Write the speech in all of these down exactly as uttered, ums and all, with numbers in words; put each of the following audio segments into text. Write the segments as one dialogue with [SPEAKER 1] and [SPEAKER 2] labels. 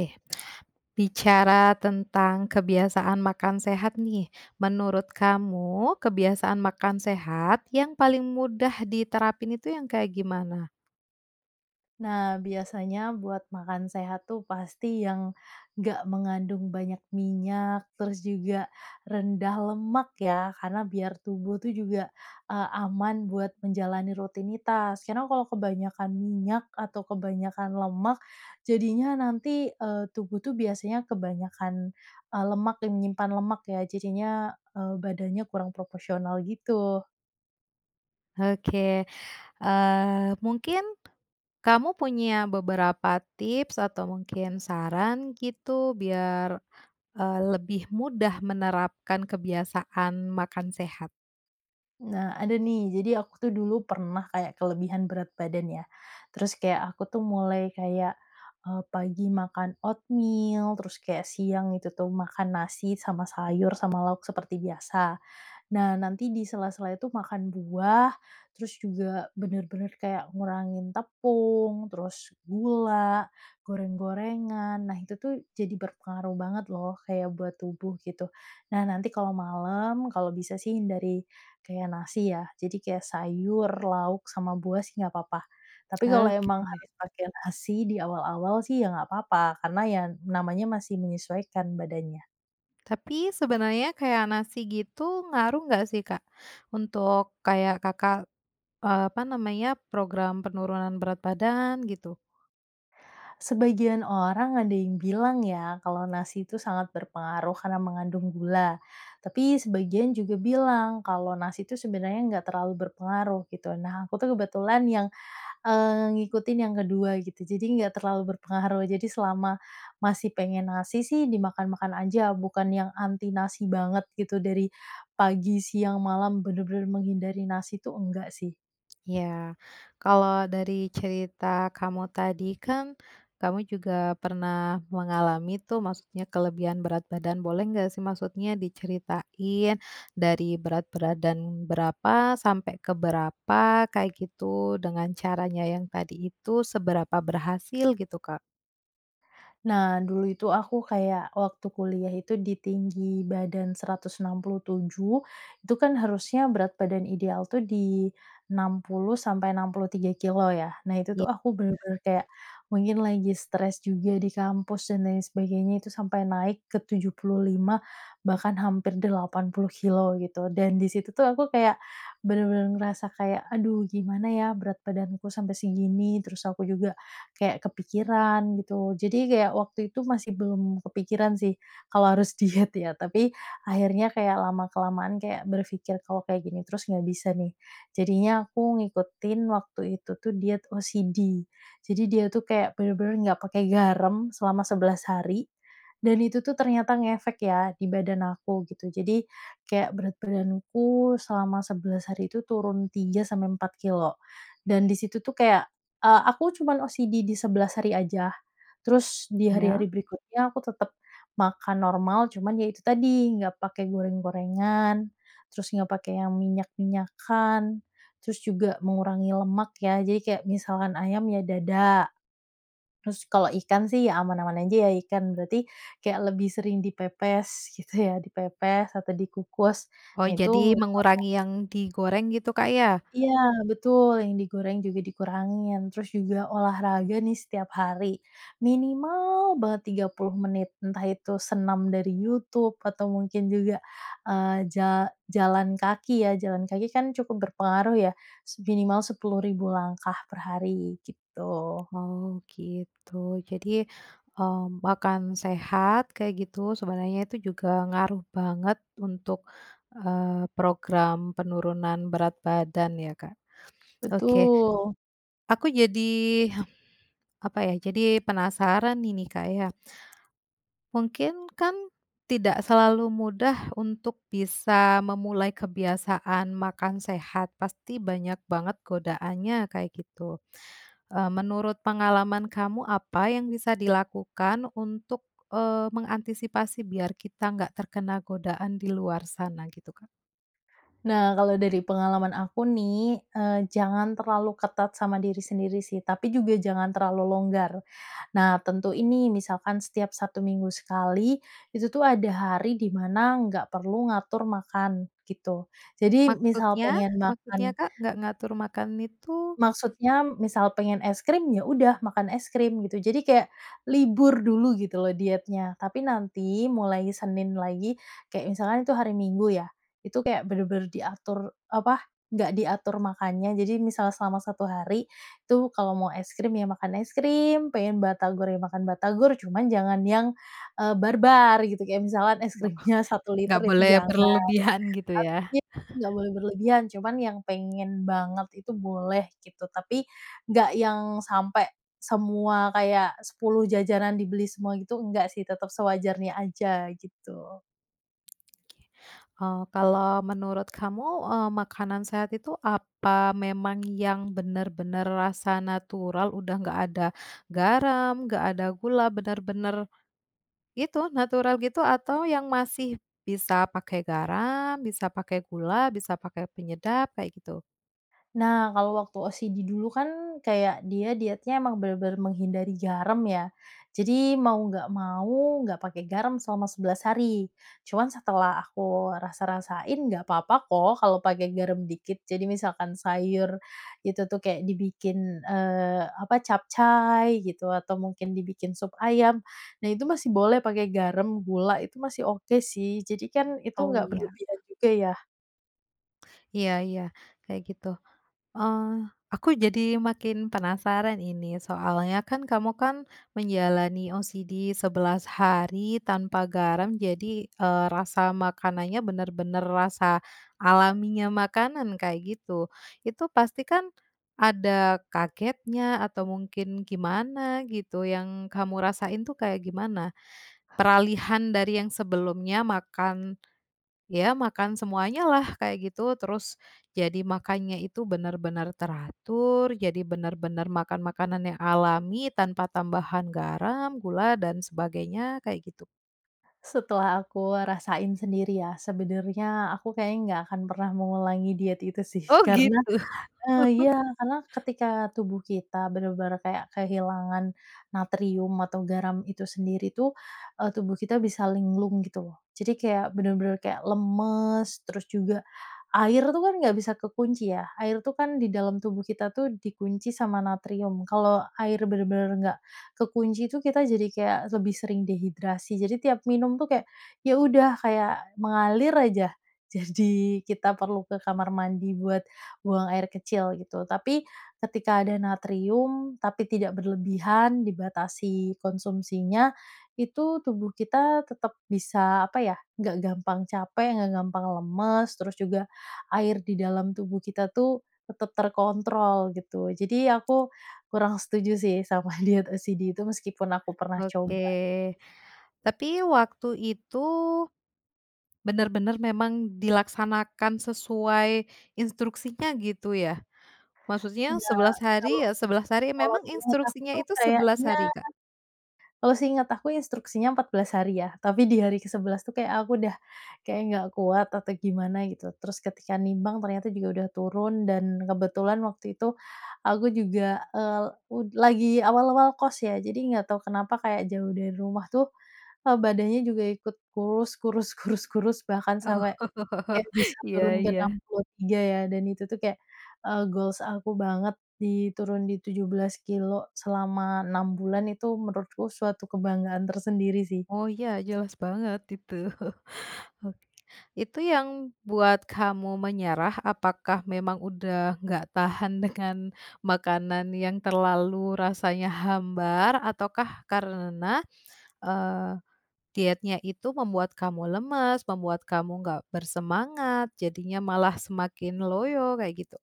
[SPEAKER 1] Oke. Bicara tentang kebiasaan makan sehat nih, menurut kamu kebiasaan makan sehat yang paling mudah diterapin itu yang kayak gimana?
[SPEAKER 2] Nah biasanya buat makan sehat tuh pasti yang, nggak mengandung banyak minyak, terus juga rendah lemak ya karena biar tubuh tuh juga, eee, aman buat menjalani rutinitas, karena kalau kebanyakan minyak atau kebanyakan lemak jadinya nanti, eee, tubuh tuh biasanya kebanyakan, eee, lemak yang menyimpan lemak ya jajinya, eee, badannya kurang proporsional gitu.
[SPEAKER 1] Oke, eee, mungkin, kamu punya beberapa tips atau mungkin saran gitu biar, eee, lebih mudah menerapkan kebiasaan makan sehat?
[SPEAKER 2] Nah ada nih, jadi aku tuh dulu pernah kayak kelebihan berat badan ya. Terus kayak aku tuh mulai kayak, eee, pagi makan oatmeal, terus kayak siang gitu tuh makan nasi, sama sayur, sama lauk seperti biasa. Nah nanti di sela-sela itu makan buah, terus juga benar-benar kayak ngurangin tepung, terus gula, goreng-gorengan, nah itu tuh jadi berpengaruh banget loh kayak buat tubuh gitu. Nah nanti kalau malam, kalau bisa sih hindari kayak nasi ya, jadi kayak sayur, lauk, sama buah sih nggak apa-apa. Tapi kalau emang
[SPEAKER 1] Oke.
[SPEAKER 2] harus pakai nasi di awal-awal sih ya nggak apa-apa, karena ya namanya masih menyesuaikan badannya.
[SPEAKER 1] Tapi sebenarnya kayak nasi gitu ngaruh nggak sih Kak, untuk kayak Kakak, eee, apa namanya program penurunan berat badan gitu?
[SPEAKER 2] Sebagian orang ada yang bilang ya kalau nasi itu sangat berpengaruh karena mengandung gula, tapi sebagian juga bilang kalau nasi itu sebenarnya enggak terlalu berpengaruh gitu, nah aku tuh kebetulan yang, eee, ngikutin yang kedua gitu, jadi enggak terlalu berpengaruh, jadi selama masih pengen nasi sih dimakan-makan aja, bukan yang anti nasi banget gitu, dari pagi, siang, malam, benar-benar menghindari nasi itu, enggak sih.
[SPEAKER 1] Ya, kalau dari cerita kamu tadi kan, kamu juga pernah mengalami tuh, maksudnya kelebihan berat badan, boleh nggak sih maksudnya diceritain dari berat badan berapa sampai ke berapa, kayak gitu, dengan caranya yang tadi itu, seberapa berhasil gitu Kak?
[SPEAKER 2] Nah dulu itu aku kayak waktu kuliah itu di tinggi badan seratus enam puluh tujuh, itu kan harusnya berat badan ideal tuh di enam puluh sampai enam puluh tiga kilo ya. Nah itu
[SPEAKER 1] Ya.
[SPEAKER 2] tuh aku
[SPEAKER 1] [unintelligible]
[SPEAKER 2] benar-benar kayak mungkin lagi stres juga di kampus, dan lain sebagainya itu, sampai naik ke tujuh puluh lima bahkan hampir delapan puluh kilo gitu dan di situ tuh aku kayak, benar-benar ngerasa kayak, "Aduh gimana ya berat badanku sampai segini." Terus aku juga kayak kepikiran gitu, jadi kayak waktu itu masih belum kepikiran sih kalau harus diet ya, tapi akhirnya kayak lama kelamaan kayak berpikir, "Kalau kayak gini terus nggak bisa nih." Jadinya aku ngikutin waktu itu tuh diet OCD, Jadi dia tuh kayak benar-benar nggak pakai garam selama sebelas hari, dan itu tuh ternyata ngefek ya di badan aku gitu, jadi kayak berat badanku selama sebelas hari itu turun tiga sampai empat kilo dan di situ tuh kayak, eee, aku cuman OCD di sebelas hari aja, terus di hari-hari
[SPEAKER 1] Iya.
[SPEAKER 2] berikutnya, aku tetap makan normal, cuman ya itu tadi, enggak pakai goreng-gorengan, terus enggak pakai yang minyak-minyakkan, terus juga mengurangi lemak ya, jadi kayak misalkan ayam ya dada, terus kalau ikan sih aman-aman aja ya ikan, berarti kayak lebih sering dipepes gitu ya, dipepes atau dikukus
[SPEAKER 1] Oh
[SPEAKER 2] nah itu.
[SPEAKER 1] jadi
[SPEAKER 2] [unintelligible]
[SPEAKER 1] mengurangi yang digoreng gitu Kak ya?
[SPEAKER 2] Iya betul yang digoreng juga dikurangin, terus juga olahraga nih setiap hari, minimal banget tiga puluh menit, entah itu senam dari YouTube, atau mungkin juga, eee, ja jalan kaki ya, jalan kaki kan cukup berpengaruh ya s minimal sepuluh ribu langkah per hari gitu.
[SPEAKER 1] Oh gitu, jadi, mmm, makan sehat kayak gitu sebenarnya itu juga ngaruh banget untuk, eee, program penurunan berat badan ya Kak. Oke.
[SPEAKER 2] Betul.
[SPEAKER 1] Aku jadi, apa ya, jadi penasaran nih ini Kak ya, mungkin kan tidak selalu mudah untuk bisa memulai kebiasaan makan sehat, pasti banyak banget godaannya kayak gitu, eee, menurut pengalaman kamu apa yang bisa dilakukan untuk, eee, mengantisipasi biar kita nggak terkena godaan di luar sana gitu Kak?
[SPEAKER 2] Nah kalau dari pengalaman aku nih, eee, jangan terlalu ketat sama diri sendiri sih, tapi juga jangan terlalu longgar, nah tentuin nih misalkan setiap satu minggu sekali itu tuh ada hari di mana nggak perlu ngatur makan, gitu, jadi misal
[SPEAKER 1] Maksudnya
[SPEAKER 2] pengen
[SPEAKER 1] maksudnya
[SPEAKER 2] makan
[SPEAKER 1] Kak nggak ngatur makan itu?
[SPEAKER 2] Maksudnya, misal pengen es krim, ya udah makan es krim gitu, jadi kayak, libur dulu gitu loh dietnya, tapi nanti mulai Senin lagi, kayak misalkan itu hari Minggu ya, itu kayak bener-bener diatur, apa, nggak diatur makannya, jadi misal selama satu hari itu kalau mau es krim ya makan es krim, pengen batagor ya makan batagor, cuman jangan yang, eee, barbar gitu kayak misalkan es
[SPEAKER 1] Oh,
[SPEAKER 2] krimnya satu liter
[SPEAKER 1] nggak
[SPEAKER 2] itu
[SPEAKER 1] boleh
[SPEAKER 2] jangan.
[SPEAKER 1] berlebihan gitu ya?
[SPEAKER 2] [unintelligible] Iya nggak boleh berlebihan, cuman yang pengen banget itu boleh gitu, tapi nggak yang sampai semua kayak sepuluh jajanan dibeli semua gitu, nggak sih, tetap sewajarnya aja gitu.
[SPEAKER 1] Eee, kalau menurut kamu, eee, makanan sehat itu apa memang yang benar-benar rasa natural, udah enggak ada garam, enggak ada gula, benar-benar, itu, natural gitu, atau yang masih bisa pakai garam, bisa pakai gula, bisa pakai penyedap kayak, gitu?
[SPEAKER 2] Nah kalau waktu OCD dulu kan, kayak dia dietnya emang benar-benar menghindari garam ya. Jadi mau enggak mau, enggak pakai garam selama sebelas hari. Cuman setelah aku rasa-rasain, enggak papa kok kalau pakai garam dikit. Jadi misalkan sayur itu tuh, kayak dibikin, eee, apa, capcai gitu, atau mungkin dibikin sup ayam. Nah itu masih boleh pakai garam, gula, itu masih oke sih. Jadi kan itu
[SPEAKER 1] Oh
[SPEAKER 2] enggak
[SPEAKER 1] iya.
[SPEAKER 2] berlebihan juga ya.
[SPEAKER 1] Iya iya, kayak gitu. Eh, aku jadi makin penasaran ini, soalnya kan kamu, kan, menjalani OCD sebelas hari tanpa garam, jadi, eee, rasa makanannya benar-benar rasa alaminya makanan kayak gitu. Itu pasti kan, ada kagetnya, atau mungkin gimana gitu, yang kamu rasain tuh kayak gimana? Peralihan dari yang sebelumnya, makan, ya makan semuanyalah, kayak gitu, terus jadi makannya itu benar-benar teratur, jadi benar-benar makan makanan yang alami tanpa tambahan garam, gula, dan sebagainya kayak gitu.
[SPEAKER 2] Setelah aku rasain sendiri ya, sebenarnya, aku kayaknya enggak akan pernah mengulangi diet itu sih,
[SPEAKER 1] Oh
[SPEAKER 2] karena,
[SPEAKER 1] gitu.
[SPEAKER 2] eee, iya. Karena ketika tubuh kita benar-benar kayak kehilangan natrium atau garam itu sendiri tuh, eee, tubuh kita bisa linglung gitu loh. Jadi kayak benar-benar kayak lemas, terus juga, air tuh kan enggak bisa kekunci ya, air tuh kan di dalam tubuh kita tuh dikunci sama natrium, kalau air benar-benar enggak ke kunci itu, kita jadi kayak lebih sering dehidrasi. Jadi tiap minum tuh kayak, ya udah, kayak mengalir aja. Jadi kita perlu ke kamar mandi buat buang air kecil gitu, tapi ketika ada natrium, tapi tidak berlebihan, dibatasi konsumsinya, itu tubuh kita tetap bisa, apa ya, enggak gampang capek, enggak gampang lemes, terus juga air di dalam tubuh kita tuh tetap terkontrol gitu. Jadi aku kurang setuju sih sama diet OCD itu meskipun aku pernah coba.
[SPEAKER 1] Oke. Tapi waktu itu benar-benar memang dilaksanakan sesuai instruksinya gitu, ya? Maksudnya
[SPEAKER 2] Enggak.
[SPEAKER 1] sebelas
[SPEAKER 2] Kalau
[SPEAKER 1] hari, ya sebelas hari.
[SPEAKER 2] kalau
[SPEAKER 1] Memang
[SPEAKER 2] seingat aku
[SPEAKER 1] instruksinya
[SPEAKER 2] tuh
[SPEAKER 1] itu sebelas
[SPEAKER 2] kayaknya
[SPEAKER 1] hari, Kak?
[SPEAKER 2] kalau seingat aku instruksinya empat belas hari ya, tapi di hari ke sebelas tuh kayak aku udah, kayak, enggak kuat atau gimana gitu, terus ketika nimbang ternyata juga udah turun, dan kebetulan waktu itu, aku juga, eee, el ud lagi awal-awal kos ya. Jadi enggak tahu kenapa kayak jauh dari rumah tuh, eee, badannya juga ikut kurus, kurus, kurus, kurus, bahkan
[SPEAKER 1] Oh,
[SPEAKER 2] sampai kayak bisa
[SPEAKER 1] iya
[SPEAKER 2] turun ke enam
[SPEAKER 1] iya.
[SPEAKER 2] puluh tiga ya, dan itu tuh kek, eee, goals aku banget di turun di tujuh belas kilo selama enam bulan, itu menurutku suatu kebanggaan tersendiri sih.
[SPEAKER 1] Oh iya jelas banget itu. Oke, itu yang buat kamu menyerah, apakah memang udah enggak tahan dengan makanan yang terlalu rasanya hambar, ataukah karena, eee, dietnya itu membuat kamu lemas, membuat kamu nggak bersemangat, jadinya malah semakin loyo, kayak, gitu?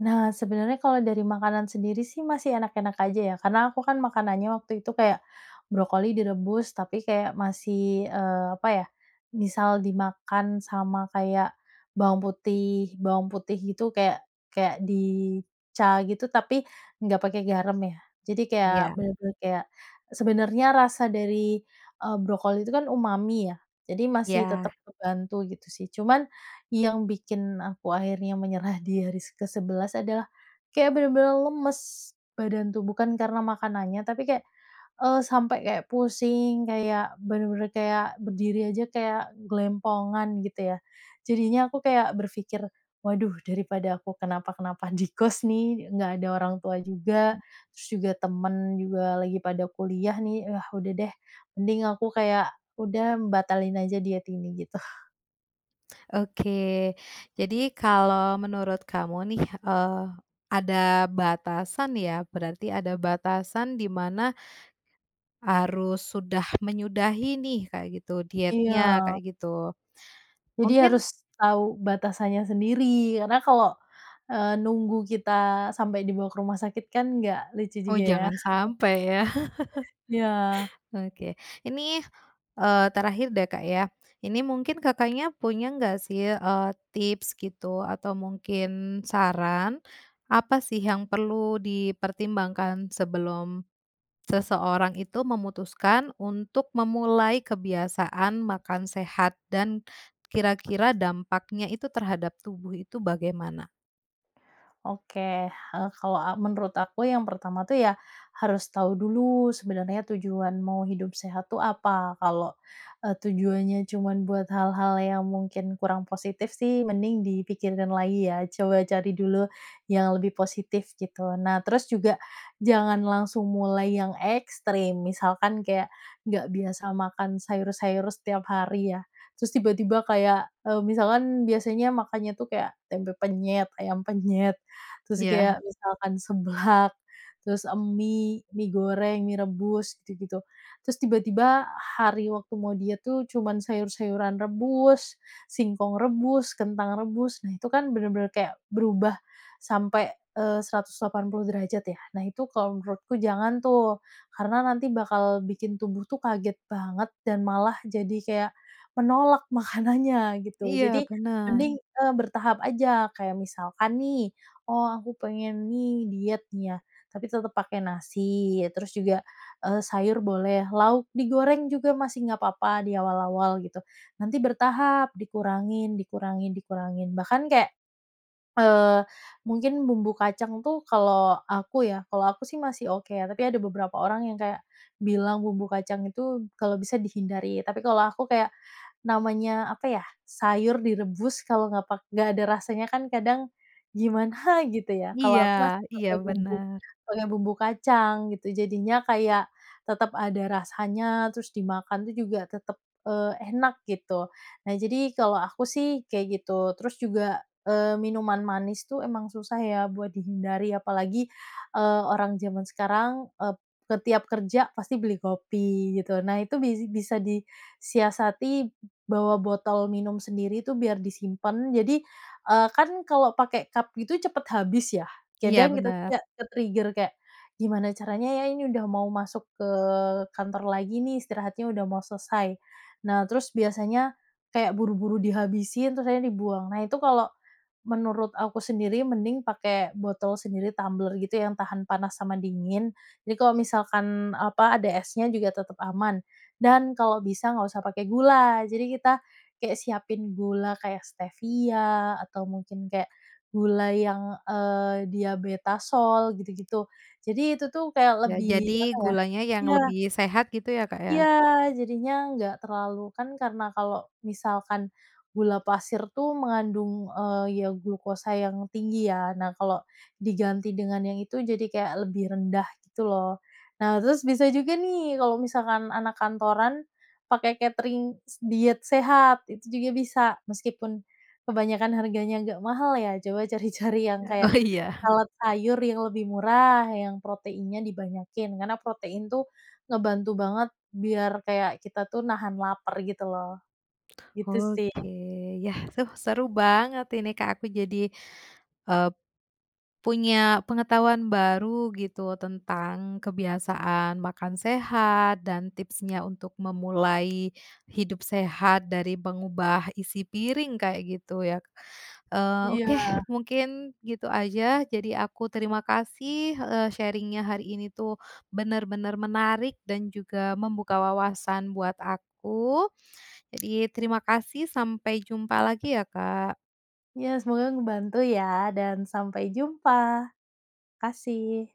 [SPEAKER 2] Nah sebenarnya kalau dari makanan sendiri sih, masih enak-enak aja ya, karena aku kan makanannya waktu itu, kayak brokoli direbus, tapi kayak masih, eee, apa ya, misal dimakan sama kayak bawang putih, bawang putih gitu kayak kayak di cah gitu, tapi enggak pakai garam ya. Jadi kayak
[SPEAKER 1] Iya.
[SPEAKER 2] benar-benar, kayak, sebenarnya rasa dari, eee, brokoli itu kan umami ya. Jadi masih tetap
[SPEAKER 1] Iya.
[SPEAKER 2] kebantu gitu sih. Cuman yang bikin aku akhirnya menyerah di hari se kesebelas adalah kayak benar-benar lemes badan tuh, bukan karena makanannya, tapi kayak, eee, sampai kayak pusing, kayak benar-benar kayak, berdiri aja kayak gelempongan gitu ya. Jadinya aku kayak berfikir, "Waduh daripada aku kenapa-kenapa di kos nih, enggak ada orang tua juga, terus juga temen juga lagi pada kuliah nih, ah, udah deh mending aku kayak, udah, mmm, batalin aja diet ini." Gitu.
[SPEAKER 1] Oke. Jadi kalau menurut kamu nih, eee, ada batasan ya berarti, ada batasan di mana harus sudah menyudahi nih, kayak gitu, dietnya
[SPEAKER 2] Iya.
[SPEAKER 1] kayak gitu.
[SPEAKER 2] Jadi
[SPEAKER 1] Mungkin
[SPEAKER 2] harus tahu batasannya sendiri karena kalau, eee, nunggu kita sampai dibawa ke rumah sakit kan enggak lucu
[SPEAKER 1] Oh
[SPEAKER 2] juga ya.
[SPEAKER 1] jangan sampai ya.
[SPEAKER 2] Iya.
[SPEAKER 1] Oke. Ini, eee, terakhir deh Kak ya. Ini mungkin Kakaknya punya enggak sih, eee, tips gitu, atau mungkin saran, apa sih yang perlu dipertimbangkan sebelum seseorang itu memutuskan untuk memulai kebiasaan makan sehat, dan kira-kira dampaknya itu terhadap tubuh itu bagaimana?
[SPEAKER 2] Oke hal kalau, eee, menurut aku yang pertama tuh ya harus tahu dulu sebenarnya tujuan mau hidup sehat tuh apa, kalau, eee, tujuannya cuman buat hal-hal yang mungkin kurang positif sih mending dipikirkan lagi ya, coba cari dulu yang lebih positif gitu. Nah, terus juga jangan langsung mulai yang ekstrim, misalkan kayak nggak biasa makan sayur-sayur setiap hari ya, terus tiba-tiba kayak, eee, misalkan biasanya makannya tuh kayak tempe penyet, ayam penyet, terus
[SPEAKER 1] Iya.
[SPEAKER 2] kayak misalkan seblak, terus mi mi goreng, mi rebus, gitu-gitu. Terus tiba-tiba hari waktu mau diet tuh cuman sayur-sayuran rebus, singkong rebus, kentang rebus, nah itu kan bener-bener kayak berubah sampai, eee, seratus delapan puluh derajat ya. Nah, itu kalau menurutku jangan tuh. Karena nanti bakal bikin tubuh tuh kaget banget dan malah jadi kayak menolak makanannya gitu.
[SPEAKER 1] Iya
[SPEAKER 2] Jadi
[SPEAKER 1] bener.
[SPEAKER 2] mending, eee, bertahap aja kayak misalkan nih, "Oh aku pengen nih diet nih." Ya, tapi tetep pakai nasi, ya terus juga, eee, sayur boleh, lauk digoreng juga masih nggak apa-apa di awal-awal gitu. Nanti bertahap dikurangin, dikurangin, dikurangin, bahkan kayak, eee, mungkin bumbu kacang tuh kalau aku ya, kalau aku sih masih oke, tapi ada beberapa orang yang kayak bilang bumbu kacang itu kalau bisa dihindari, tapi kalau aku kayak namanya apa ya, sayur direbus kalau nggak pak nggak ada rasanya kan kadang gimana gitu ya. Kalau
[SPEAKER 1] Iya,
[SPEAKER 2] aku masih
[SPEAKER 1] iya
[SPEAKER 2] pakai bumbu
[SPEAKER 1] bener.
[SPEAKER 2] pakai bumbu kacang gitu, jadinya kayak tetap ada rasanya, terus dimakan tuh juga tetap, eee, enak gitu. Nah jadi kalau aku sih kayak gitu. Terus juga eee, minuman manis tuh emang susah ya buat dihindari, apalagi, eee, orang jaman sekarang ep ke tiap kerja pasti beli kopi gitu. Nah itu bisa di siasati bawa botol minum sendiri itu biar disimpan. Jadi, eee, kan kalau pakai cup gitu cepet habis ya.
[SPEAKER 1] Iya
[SPEAKER 2] Kedang kita tuh
[SPEAKER 1] bener.
[SPEAKER 2] kayak ke-trigger kayak, gimana caranya ya, ini udah mau masuk ke kantor lagi nih, istirahatnya udah mau selesai. Nah, terus biasanya kayak buru-buru dihabisin, terus akhirnya dibuang. Nah, itu kalau menurut aku sendiri mending pakai botol sendiri, tumbler gitu, yang tahan panas sama dingin. Jadi kalau misalkan apa, ada esnya juga tetap aman. Dan kalau bisa nggak usah pakai gula, jadi kita kayak siapin gula kayak Stevia, atau mungkin kek gula yang, eee, Diabetasol gitu-gitu. Jadi itu tuh kayak
[SPEAKER 1] Ya
[SPEAKER 2] lebih
[SPEAKER 1] jadi
[SPEAKER 2] apa ya
[SPEAKER 1] gulanya yang
[SPEAKER 2] ya.
[SPEAKER 1] lebih sehat gitu ya, Kak
[SPEAKER 2] Iya,
[SPEAKER 1] ya.
[SPEAKER 2] jadinya nggak terlalu, kan karena kalau misalkan gula pasir tuh mengandung, eee, ya glukosa yang tinggi ya. Nah kalau diganti dengan yang itu, jadi kayak lebih rendah gitu loh. Nah, terus bisa juga nih kalau misalkan anak kantoran pakai katering s diet sehat, itu juga bisa meskipun kebanyakan harganya agak mahal ya, coba cari-cari yang
[SPEAKER 1] Ya,
[SPEAKER 2] kayak
[SPEAKER 1] oh iya.
[SPEAKER 2] salad sayur yang lebih murah, yang proteinnya dibanyakin, karena protein tuh ngebantu banget biar kayak kita tuh nahan lapar, gitu loh. Gitu sih.
[SPEAKER 1] Oke yah, suh seru banget ini Kak, aku jadi, eee, punya pengetahuan baru gitu tentang kebiasaan makan sehat, dan tipsnya untuk memulai hidup sehat, dari mengubah isi piring kayak gitu ya. Eee, oke
[SPEAKER 2] Iya.
[SPEAKER 1] mungkin gitu aja jadi aku terima kasih, eee, sharing-nya hari ini tuh benar-benar menarik dan juga membuka wawasan buat aku. Jadi terima kasih, sampai jumpa lagi ya Kak.
[SPEAKER 2] Ya, semoga ngebantu ya dan sampai jumpa, kasih.